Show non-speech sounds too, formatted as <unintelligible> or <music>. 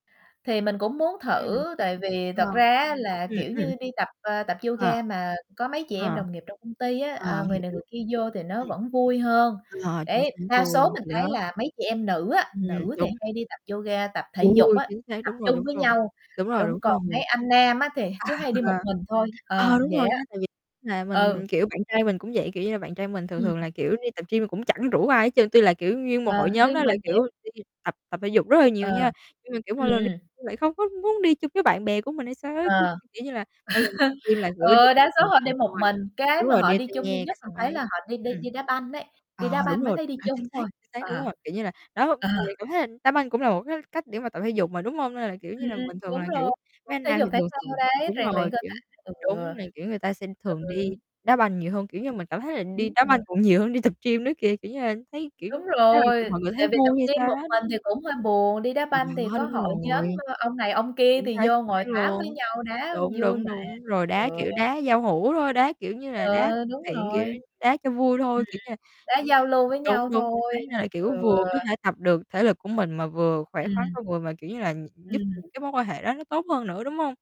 Thì mình cũng muốn Ừm, thử, tại vì ờ, thật ra á là, ừm, kiểu ừm. như, đi tập, ờ, tập Ờ, yoga mà có mấy chị em ờ, đồng nghiệp trong công ty á, ờ, ờ, người này người hiểu. kia vô thì nó Ừm, vẫn vui hơn. ờ, chính Đấy, xác đa số luôn, mình thì thấy đó. là mấy chị em nữ á, Ừm, nữ thì đúng. hay đi tập yoga, tập thể Trời dục ui, á, chính xác, tập đúng rồi, chung đúng với rồi, nhau, đúng rồi, đúng, đúng còn mấy rồi. anh nam á thì cứ À, hay đi một ờ. mình thôi, ờ, Ờ, đúng vậy rồi á. nha, tại vì là Ừ. mình, kiểu, bạn trai mình cũng vậy, kiểu như là, bạn trai mình thường Ừm. thường là, kiểu, đi tập gym cũng chẳng rủ ai hết trơn. Tuy là, kiểu, nguyên một Ờ, hội nhóm đi đó là, mình vậy. kiểu, đi tập tập thể dục rất là nhiều Ờ, nha, nhưng mà, kiểu, ừm, mỗi lần đi ừm. gym lại không có muốn đi chung với bạn bè của mình hay sao Ờ, ấy, <laughs> <unintelligible> kiểu như là, mỗi lần tập gym là, kiểu, đi ừ, một đa số họ đi mình xong một rồi mình, cái đúng mà rồi, họ đeo đi tai chung duy nghe nhất cái mình xong thấy ấy là họ đi đi ừm, đi đá banh ấy, đi ờ, đá đúng banh mới rồi, thấy đi ờ, chính chung xác, thôi, chính xác, ờ, đúng rồi, kiểu như là, đó, ờ. mình cảm thấy là đá banh cũng là một cái cách để mà tập thể dục mà, đúng hông? Nên là, kiểu như là, Ừm, bình thường đúng là, rồi, kiểu, mấy cũng anh thể nam dục thì thể thường thao thường đấy, đúng rèn luyện rồi, cơ kiểu, thể, ừ. đúng là, kiểu, người ta sẽ thường đi Ừ. đá banh nhiều hơn, kiểu như, mình cảm thấy là đi Đúng đá rồi. banh còn nhiều hơn đi tập gym nữa kìa, kiểu như là, thấy, kiểu, Đúng <unintelligible> rồi, mọi người thấy tại vì tập vui hay gym sao một đó mình thì <unintelligible> cũng hơi buồn, đi đá Thì banh thì đó, có đúng hội nhóm, rồi. ơ, ông này ông kia Chính thì xác, vô chính ngồi xác tám với luôn. nhau, đá Đúng, vui đúng, mà. đúng. Rồi, đá, Ừ. kiểu, đá giao hữu thôi, đá, kiểu như là, đá Ừ, đúng <unintelligible> thiện, kiểu, rồi. <unintelligible> đá cho vui Ừ, ừm. thôi, kiểu như là Đá ưm, giao lưu với đúng, nhau đúng, chính thôi, xác. Là, kiểu, ừ. vừa có thể tập được thể lực của mình mà vừa khỏe khoắn Ừm. con người mà, kiểu như là, gi giúp Ừm. những cái mối quan hệ đó nó tốt hơn nữa, đúng hông?